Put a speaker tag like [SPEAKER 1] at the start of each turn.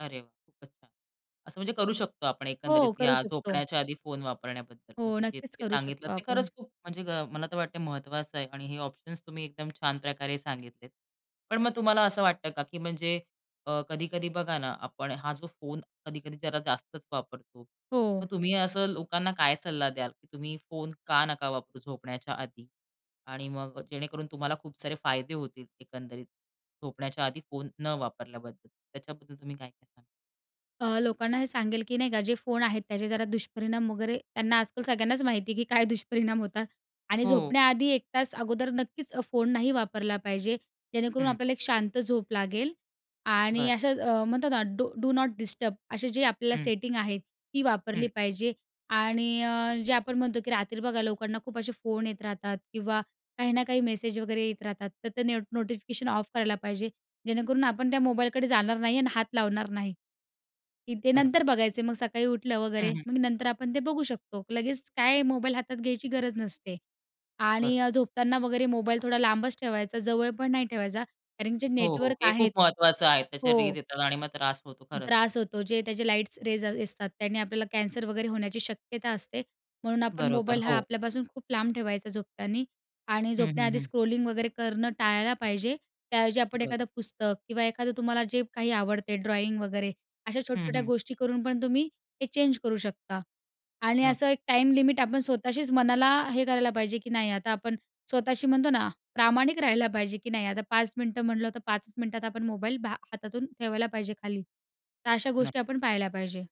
[SPEAKER 1] अरे, वाह! खूपच छान. असं म्हणजे करू शकतो आपण एकंदरीत
[SPEAKER 2] हो, करू
[SPEAKER 1] या
[SPEAKER 2] शकतो.
[SPEAKER 1] झोपण्याच्या आधी फोन वापरण्याबद्दल
[SPEAKER 2] हो,
[SPEAKER 1] म्हणजे जे
[SPEAKER 2] नक्कीच करू
[SPEAKER 1] सांगितलं,
[SPEAKER 2] शकतो
[SPEAKER 1] ते
[SPEAKER 2] आपण.
[SPEAKER 1] खरंच खूप म्हणजे मला तर वाटतं महत्त्वाचं आहे आणि हे ऑप्शन्स तुम्ही एकदम छान प्रकारे सांगितलेत. पण मग तुम्हाला असं वाटतं का, की म्हणजे अ, कधी-कधी बघा ना, आपण हा जो फोन कधी-कधी जरा जास्तच वापरतो. मग
[SPEAKER 2] हो.
[SPEAKER 1] तुम्ही असं लोकांना काय सल्ला द्याल, की तुम्ही फोन का नका वापरू झोपण्याच्या आधी आणि मग जेणेकरून तुम्हाला खूप सारे फायदे होतील एकंदरीत झोपण्याच्या आधी फोन न वापरल्याबद्दल. त्याच्याबद्दल तुम्ही काय काय सांगाल?
[SPEAKER 2] अ, लोकांना हे सांगेल की नाही का, जे फोन आहेत त्याचे जरा दुष्परिणाम वगैरे त्यांना आजकाल सगळ्यांनाच माहिती आहे, की काय दुष्परिणाम होतात आणि
[SPEAKER 1] हो.
[SPEAKER 2] झोपण्याआधी एक तास अगोदर नक्कीच फोन नाही वापरला पाहिजे, जेणेकरून
[SPEAKER 1] हं.
[SPEAKER 2] आपल्याला एक शांत झोप लागेल आणि
[SPEAKER 1] बरं.
[SPEAKER 2] असं अ, म्हणतात ना, डू डू नॉट डिस्टर्ब असे जे आपल्याला
[SPEAKER 1] हं.
[SPEAKER 2] सेटिंग आहे ती वापरली
[SPEAKER 1] हं.
[SPEAKER 2] पाहिजे आणि अ, जे आपण म्हणतो, की रात्री बघा लोकांना खूप असे फोन येत राहतात किंवा काही ना काही मेसेज वगैरे येत राहतात तर ते नेट नोटिफिकेशन ऑफ करायला पाहिजे, जेणेकरून आपण त्या मोबाईलकडे जाणार नाही आणि हात लावणार नाही, की ते नंतर
[SPEAKER 1] बरोबर.
[SPEAKER 2] बघायचे मग सकाळी उठलं
[SPEAKER 1] हं,
[SPEAKER 2] वगैरे
[SPEAKER 1] हं.
[SPEAKER 2] मग नंतर आपण ते बघू शकतो. लगेच काय मोबाईल हातात घ्यायची गरज नसते.
[SPEAKER 1] बरं.
[SPEAKER 2] आणि अ, झोपताना वगैरे मोबाईल थोडा लांबच ठेवायचा, जवळ पण नाही ठेवायचा कारण जे
[SPEAKER 1] हो, हो,
[SPEAKER 2] नेटवर्क
[SPEAKER 1] हे
[SPEAKER 2] आहेत
[SPEAKER 1] खूप महत्वाचं आहे. त्या
[SPEAKER 2] हो.
[SPEAKER 1] रेज येतात आणि मग त्रास होतो खरंच.
[SPEAKER 2] त्रास होतो. जे त्याचे लाईट्स रेज असतात, त्याने आपल्याला कॅन्सर वगैरे होण्याची शक्यता असते. म्हणून आपण
[SPEAKER 1] बरोबर,
[SPEAKER 2] मोबाईल हा
[SPEAKER 1] हो.
[SPEAKER 2] आपल्यापासून खूप लांब ठेवायचा झोपताना आणि
[SPEAKER 1] हं, हं,
[SPEAKER 2] झोपण्याआधी
[SPEAKER 1] हं.
[SPEAKER 2] स्क्रोलिंग वगैरे करणं टाळायला पाहिजे. त्याऐवजी आपण
[SPEAKER 1] बरोबर.
[SPEAKER 2] एखादं पुस्तक किंवा एखादं तुम्हाला जे काही आवडते ड्रॉईंग वगैरे अशा
[SPEAKER 1] हं,
[SPEAKER 2] छोट्या-छोट्या
[SPEAKER 1] हं.
[SPEAKER 2] गोष्टी करून पण तुम्ही ते चेंज करू शकता आणि
[SPEAKER 1] नक्क
[SPEAKER 2] असं एक टाईम लिमिट आपण स्वतःशीच मनाला हे करायला पाहिजे, की नाही आता आपण स्वतःशी म्हणतो ना, प्रामाणिक राहायला पाहिजे, की नाही आता 5 मिनिटं म्हटलं तर 5चं मिनिटात आपण मोबाईल हातातून ठेवायला पाहिजे खाली. तर अशा गोष्टी
[SPEAKER 1] नक्की.
[SPEAKER 2] आपण पाळायला पाहिजे.